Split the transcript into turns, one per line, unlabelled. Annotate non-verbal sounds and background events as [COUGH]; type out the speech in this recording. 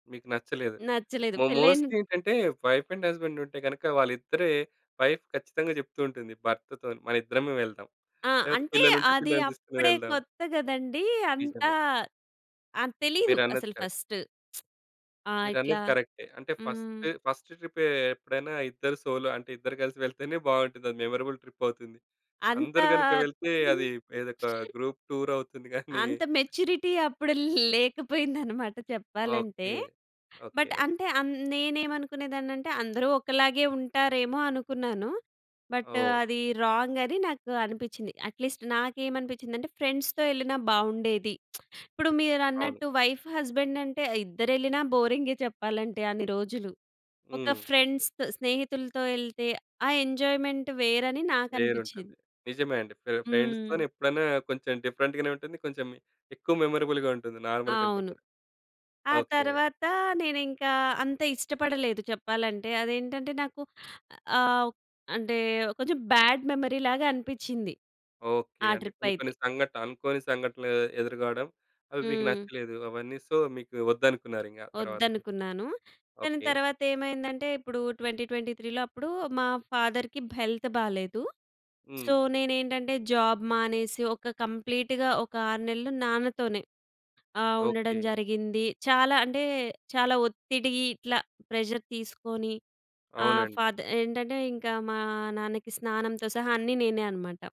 మీకు నచ్చలేదు.
నచ్చలేదు
మో
పెళ్లి అయిన
మోస్ట్‌లి ఏంటంటే వైఫ్ అండ్ హస్బాండ్ ఉంటే గనుక వాళ్ళిద్దరే వైఫ్ ఖచ్చితంగా చెప్తూ ఉంటుంది భర్తతో‌న్ని మన ఇద్దరమే వెళ్దాం.
ఆ!
లేకపోతే
అంటే
పిల్లలుంటే
అది
పిల్లల్ని తీసుకొని
అప్పుడే
వెళ్దాం.
కొత్త కదండీ అంత
నిజమే.
ఆహ్, తెలీదు
మీరన్నది
అసలు
కరెక్ట్.
ఫస్ట్. [SMACKS LIPS] ఆ! ఇట్లా,
మీరన్నది కరె‌క్టే. అంటే
హ్మ్.
ఫస్ట్, ఫస్ట్ ట్రిపే ఎప్పుడైనా ఇద్దరు సోలో అంటే ఇద్దరు కలిసి వెళ్తేనే బావుంటది. అది మెమరబుల్ ట్రిప్ అవుతుంది. అందరూ
అంతా!
గనుక వెళ్తే అది ఏదో ఒక
[CHUCKLES]
గ్రూప్ టూర్ అవుతుంది గాని!
అంత మెచ్యూరిటీ అప్పుడు ల్ లేకపోయిందనమాట చెప్పాలంటే.
ఓకె. Okay,
but
okay.
అంటే అన్ నేమనుకునేదాన్నంటే అందరూ ఒకలాగే ఉంటారేమో అనుకున్నాను, బట్
ఓహ్!
అది రాంగ్ అని నాకనిపించింది. అట్లీస్ట్ నాకేమనిపించిందంటే ఫ్రెండ్స్‌తో ఎళ్ళిన బావుండేది. [SMACKS LIPS] ఇప్పుడు
అవును.
మీరన్నట్టు వైఫ్ హస్బాండ్ అంటే ఇద్దరెళ్ళినా బోరిం‌గే చెప్పాలంటే అన్ని రోజులు. ఒక
హ్మ్.
ఫ్రెండ్స్‌తొ, స్నేహితులతో ఎళ్తే ఆ ఎంజాయ్మెంట్ వేరని
వేరు ఉంటుంది.
నాకనిపించింది.
నిజమే అండి పే
హ్మ్.
ఫ్రెండ్స్‌తోనే ఎప్పుడైనా కొంచెం డిఫరెంట్‌గానే ఉంటుంది. కొంచెం ఎక్కువ మెమరబుల్‌గా ఉంటుంది నార్మల్ కంటే
అవును.
కూడా.
ఆ
ఓకె.
తర్వాత నేనింకా అంత ఇష్టపడలేదు చెప్పాలంటే. అదేంటంటే నాకు ఆహ్, అంటే, కొంచెం బ్యాడ్ మెమరీ లాగా అనిపిచింది
ఓకె.
ఆ
అంటే
ట్రిప్
కొన్ని
అయితే.
కొన్ని సంఘటనలు అనుకోని సంఘటనలు ఎదురు కావడం అవి మీకు
హ్మ్.
నచ్చలేదు. అవన్నీ. సో మీకు వద్దనుకున్నారింక ఆ తర్వాత.
ఒద్దనుకున్నాను. కానీ
ఓకె.
తర్వాతేమైందంటే ఇప్పుడు 2023లో అప్పుడు మా ఫాదర్‌కి హెల్త్ బాలేదు.
హ్మ్.
సో నే‌నేంటంటే జాబ్ మానేసి ఒక కంప్లీట్‌గా ఒక 6 నెలలు నాన్నతోనే ఆహ్, ఉండడం
ఓకె.
జరిగింది. చాలా అంటే, చాలా ఒత్తిడి ఇట్ల ప్రెషర్ తీసుకొని ఆహ్,
అవునండి.
ఫాదర్ ఏంటంటే ఇంకా మా నాన్నకి స్నానంతో సహా అన్నీ నేనే అనమాట.